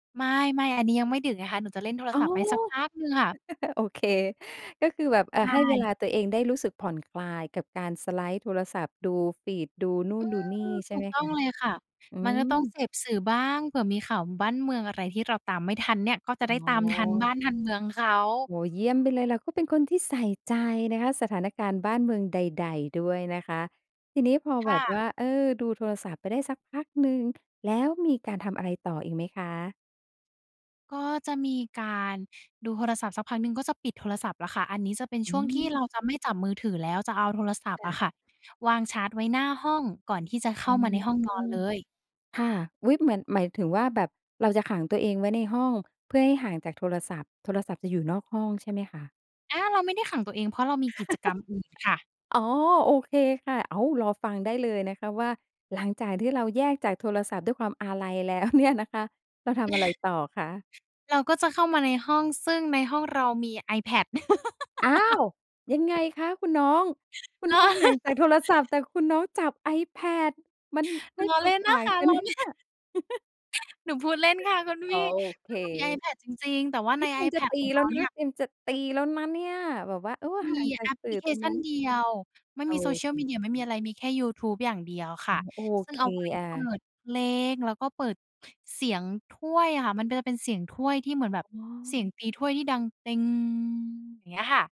ไม่ ไม่ อันนี้ยังไม่ดึกไงคะ หนูจะเล่นโทรอ๋ศอ ัพท์ไปสักพักหนึ่งค่ะ โอเค ก็คือแบบ อ่ใชา ให้เว่ ลาตัวเองได้รู้สึกผ่อนคลายกับการสไลด์โทรศัพท์ ดูฟีด ดูนู่อืน ดูนี่ ม ใชถู่ไหกมต้คองะ? เลยค่ะ อืมันก็ต้องม เสพสื่อบ้าง เผื่อมีข่าวบ้านเมืองอะไรที่เราตามไม่ทันเนี่ย ก็จะอได้๋ตามทันอ บ้านทันเมืองเขา โอ้โฮ เยี่ยมไปเลย เราก็เป็นคนที่ใส่ใจนะคะ สถานการณ์บ้านเมืองใด ๆ ด้วยนะคะ ทีนี้พอคแบ่บะ ว่า เออ ดูโทรศัพท์ไปได้สักพักหนึ่ง แล้วมีการทำอะไรต่ออีกไหมคะ? ก็จะมีการดูโทรศัพท์สักพักหนึ่ง ก็จะปิดโทรศัพท์แล้วค่ะ อันนี้จะเป็นอชื่วงที่ม เราจะไม่จับมือถือแล้ว จะเอาโทรศัพทค์่อะ ะค่ะวางชาร์จไว้หน้าห้อง ก่อนที่จะเขอ้๋อ ามาในห้องนอนเลย ค่ะ อุ๊ย! เหมือน หมายถึงว่าแบบเราจะขังตัวเองไว้ในห้อง เพื่อให้ห่างจากโทรศัพท์ โทรศัพท์จะอยู่นอกห้องใช่ไหมคะ? อา เราไม่ได้ขังตัวเอง เพราะเรามีกิจกรรมอื่นค่ะ อ๋อ โอเคค่ะ อ้าว รอฟังได้เลยนะคะว่า หลังจากที่เราแยกจากโทรศัพท์ด้วยความอาลัย แล้ว เนี่ยนะคะ เราทำอะไรต่อคะ? เราก็จะเข้ามาในห้อง ซึ่งในห้องเรามี iPad อ้าว! ยังไงคะคุณน้อง คุณลน้้อ องห่างจากโทรศัพท์ แต่คุณน้องจับ iPad มันให้ล้อควเาลม่นตน่ะางคะ กันลไ้หมอ เนี่ย? หนูพูดเล่นค่ะคุณอ๋พอ ี่ โอเค ก็คือมี iPad จริง ๆ แต่ว่าเอใ๊น ย เตรียมจะiPad ตีของแเลร้าวนเนีะ ่ย เตรียมจะตีแล้วนะเนี่ยแบบว่า เออ มีห่างจาแอกปพสื่ลอิเคตรงชันั้นน เดียว ไม่โอมี เSocial ค Media ไม่มีอะไร มีแค่ยูทูบอย่างเดียวคเ่ออ ะ โอซึ่เงค เอาไว้อา เปิดเพลง แล้วก็เปิดเสียงถ้วยอะค่ะ มันจะเป็นเสียงถ้วยที่เหมือนแบบอ๋เอ สียงตีถ้วยที่ดังเต็ง อย่างเงี้ยค่ะ